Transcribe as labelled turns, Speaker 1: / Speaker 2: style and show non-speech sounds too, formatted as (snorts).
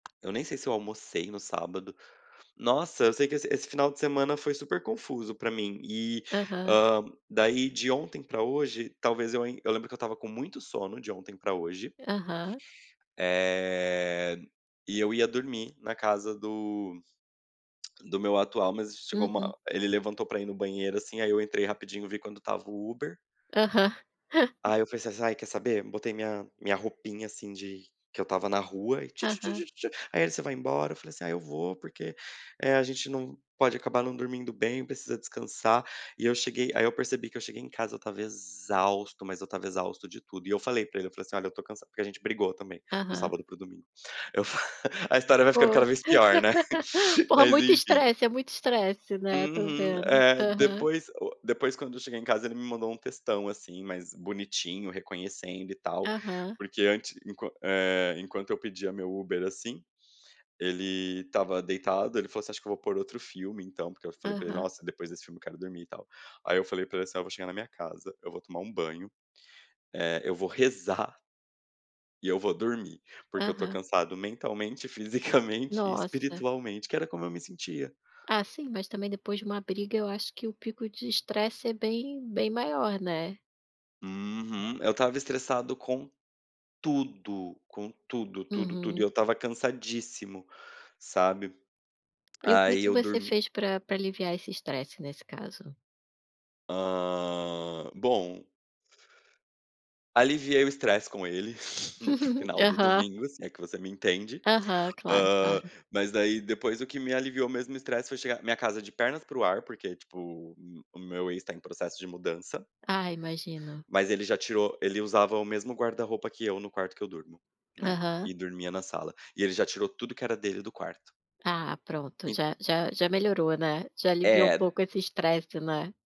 Speaker 1: Eu nem sei se eu almocei no sábado. Nossa, eu sei que esse esse final de semana foi super confuso pra mim e,
Speaker 2: Aham.
Speaker 1: hã, daí de ontem pra hoje, talvez eu ain eu ainda lembro que eu estava com muito sono de ontem pra hoje
Speaker 2: Aham.
Speaker 1: Eh, e eu ia dormir na casa do do meu atual, mas chegou
Speaker 2: Uhum.
Speaker 1: uma ele levantou pra ir no banheiro assim, aí eu entrei rapidinho e vi quanto estava o Uber.
Speaker 2: Aham. (chuckles)
Speaker 1: Aí eu falei assim: “Ai, quer saber?”. Botei minha minha roupinha, assim, de que eu estava na rua e
Speaker 2: Aham.
Speaker 1: tchutchutchu, aí ele: “Você vai embora?”. Eu falei assim: “Ah, eu vou, porque, eh, a gente não pode acabar não dormindo bem, precisa descansar”. E eu cheguei aí eu percebi que eu cheguei em casa, eu estava exausto, mas eu estava exausto de tudo. E eu falei pra ele, eu falei assim: “Olha, eu tô cansa porque a gente brigou também do
Speaker 2: Aham.
Speaker 1: sábado pro domingo". (laughs) Eu fa a história vai ficando
Speaker 2: Pô,
Speaker 1: cada vez pior, né.
Speaker 2: (laughs)
Speaker 1: (laughs)
Speaker 2: porra
Speaker 1: Mas
Speaker 2: muito
Speaker 1: enfim.
Speaker 2: estresse, é muito estresse, né? Tô
Speaker 1: Uhum,
Speaker 2: vendo.
Speaker 1: é,
Speaker 2: Aham.
Speaker 1: depois o depois quando eu cheguei em casa, ele me mandou um textão assim, mas bonitinho, reconhecendo e tal.
Speaker 2: Aham.
Speaker 1: Porque antes, enquant eh, enquanto eu pedia meu Uber assim, ele estava deitado, ele falou assim: “Acho que eu vou pôr outro filme então”, porque eu falei pra ele:
Speaker 2: Aham.
Speaker 1: “Nossa, depois desse filme eu quero dormir e tal”. Aí eu falei pra ele assim: “Vou chegar na minha casa, eu vou tomar um banho, eh, eu vou rezar”. "e eu vou dormir, porque eu tô
Speaker 2: Aham.
Speaker 1: cansado mentalmente, fisicamente e
Speaker 2: Nossa.
Speaker 1: espiritualmente." que era como eu me sentia.
Speaker 2: Ah sim, mas também depois de uma briga eu acho que o pico de estresse é bem bem maior, né.
Speaker 1: Uhum. Eu estava estressado com tudo, com tudo, tudo, tudo, e eu
Speaker 2: Uhum.
Speaker 1: estava cansadíssimo, sabe.
Speaker 2: E o que
Speaker 1: Aí
Speaker 2: que
Speaker 1: eu
Speaker 2: você
Speaker 1: dormi
Speaker 2: fez pra pra aliviar esse estresse nesse caso?
Speaker 1: Hã, bom Aliviei o estresse com ele (snorts) no
Speaker 2: (giggles)
Speaker 1: final do
Speaker 2: Aham.
Speaker 1: domingo, se é que você me entende.
Speaker 2: Aham, claro
Speaker 1: Hã,
Speaker 2: claro.
Speaker 1: mas daí depois o que me aliviou mesmo o estresse foi chegar minha casa de pernas pro ar, porque tipo o o meu ex tá em processo de mudança.
Speaker 2: Ah imagino.
Speaker 1: Mas ele já tirou ele usava o mesmo guarda-roupa que eu no quarto que eu durmo, né.
Speaker 2: Aham.
Speaker 1: E dormia na sala. E ele já tirou tudo que era dele do quarto.
Speaker 2: Ah, pronto,
Speaker 1: E
Speaker 2: já -já já melhorou, né? Já aliviou um
Speaker 1: É
Speaker 2: pouco esse estresse, né.